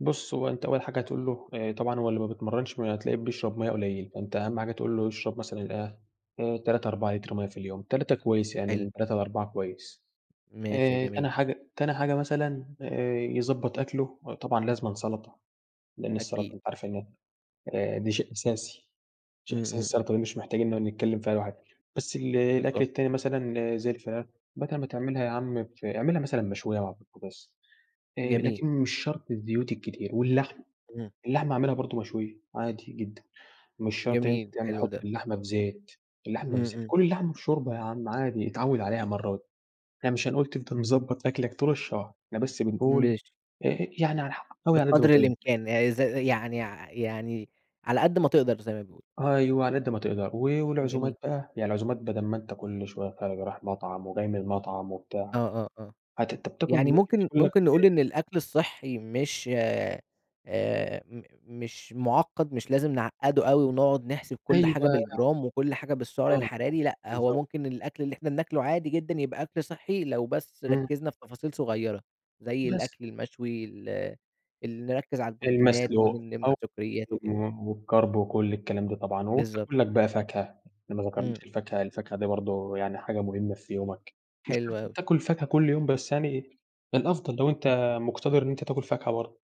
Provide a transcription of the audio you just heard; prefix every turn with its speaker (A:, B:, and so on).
A: بُص هو أنتَ أول حاجة هتقول له آآ طبعًا هو اللي ما بيتمرَّنش م هتلاقيه بيشرب مَيَّة قليل. فأنتَ أهم حاجة تقول له يشرب مثلًا إيه، آآ، 3، 4 لتر مَيَّة في اليوم، 3 كويس يعني
B: حلو.
A: من 3 ل4 كويس.
B: ماشي. شئ
A: آآ، تاني
B: جميل.
A: حاجة تاني حاجة مثلًا آآ، يضبط أكله وطبعًا لازمًا سلطة، لأن السلطة
B: أكيد.
A: أنتَ عارف إن آآ، دي شيء أساسي، شيء
B: امم،
A: أساسي
B: امم، امم.
A: السلطة دي مش محتاجين نقعد نتكلم فيها لوحدها. بس ال الأكل
B: بالضبط.
A: التاني مثلًا زي الفراخ بدل ما تعملها ياعم ف أعملها مثلًا مشوية وعلى البوتجاز. آآ
B: جميل.
A: لكن مش شرط الزيوت الكتير. واللحمة،
B: امم.
A: اللحمة أعملها برضه مشوية عادي جدًا، مش شرط إن أنتَ
B: جميل،
A: تعم
B: حلو
A: تحط
B: ده.
A: اللحمة في زيت، اللحمة في
B: امم،
A: زيت
B: امم.
A: كُل اللحمة بشوربة يا عم عادي اتعوِّد عليها مرّة وات يعني مش هنقول تفضل مضبط أكلك طول الشهر، إحنا بس بنقول
B: ماشي.
A: آآ يعني على ح حاول على قد
B: بقدر
A: ماتقدر.
B: الإمكان يعني ز يعني ع يعني، على قد ما تقدر زي ما بيقولوا.
A: أيوه على قد ما تقدر، و والعزومات
B: جميل.
A: بقى يعني العزومات بدل ما أنتَ كل شوية خارج رايح مطعم وجاي من المطعم
B: آه،
A: وبتاع.
B: آه، آه،
A: هت أنتَ بتاكل
B: يعني
A: ممكن
B: ممكن
A: تاكل لك
B: ممكن نقول
A: آآ
B: إن الأكل الصحي مش آآ، آآ، م مش معقد مش لازم نعقده أوي، ونقعد نحسب كل
A: أيوه.
B: حاجة بالجرام وكل حاجة بالسعر
A: آه
B: الحراري لأ، هو
A: بالضبط.
B: ممكن الأكل اللي إحنا بناكله عادي جدًا يبقى أكل صحي، لو بس
A: امم.
B: ركزنا في تفاصيل صغيرة. زي
A: بس.
B: الأكل المشوي ال ال نركز على البروتينات ونم
A: المسلوق [unintelligible] و
B: نمنع سكريات وكده.
A: والكارب وكل الكلام ده طبعًا.
B: بالضبط.
A: وبتاكل لك بقى فاكهة، إحنا ما
B: امم.
A: ذكرناش الفاكهة، الفاكهة دي برضه يعني حاجة مهمة في يومك. مش
B: حلو
A: شرط
B: أوي.
A: تاكل فاكهة كل يوم، بس يعني الأفضل لو أنتَ مقتدّر إن أنتَ تاكل فاكهة برضه.